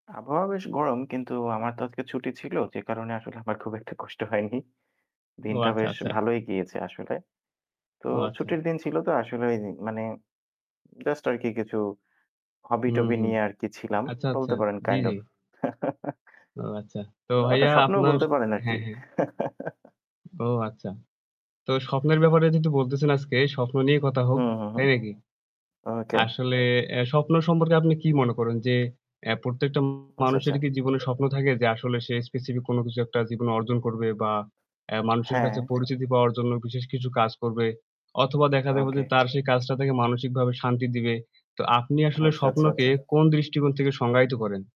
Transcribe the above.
আবহাওয়া বেশ গরম কিন্তু আমার তো আজকে ছুটি ছিল যে কারণে আসলে আমার খুব একটা কষ্ট হয়নি। ও, দিনটা আচ্ছা, বেশ আচ্ছা। ভালোই গিয়েছে আসলে। তো ও, ছুটির আচ্ছা। দিন ছিল তো আসলে ওই মানে জাস্ট আরকি কিছু hobby হুম, টবি হুম। নিয়ে আরকি ছিলাম আচ্ছা, আচ্ছা। বলতে পারেন জি, kind জি। of। ও, আচ্ছা। তো অ ওটা ভাইয়া স্বপ্নও আপনার বলতে পারেন আরকি। হ্যাঁ, হ্যাঁ। ও, আচ্ছা। তো স্বপ্নের ব্যাপারে যেহেতু বলতেছেন আজকে স্বপ্ন নিয়ে কথা হোক, হুম, হুম, হুম। তাই নাকি? ওকে। আসলে আ স্বপ্ন সম্পর্কে আপনি কী মনে করেন? যে এ প্রত্যেকটা আচ্ছা, মানুষেরই আচ্ছা। কি জীবনে স্বপ্ন থাকে যে আসলে সে specific কোন কিছু একটা জীবনে অর্জন করবে বা এ মানুষের কাছে হ্যাঁ। পরিচিতি পাওয়ার জন্য বিশেষ কিছু কাজ করবে? অথবা দেখা দেবে যে ওকে। তার সেই কাজটা থেকে মানসিকভাবে শান্তি দিবে। তো আপনি আসলে আচ্ছা, আচ্ছা, স্বপ্নকে আচ্ছা। কোন দৃষ্টিকোণ থেকে সংজ্ঞায়িত করেন?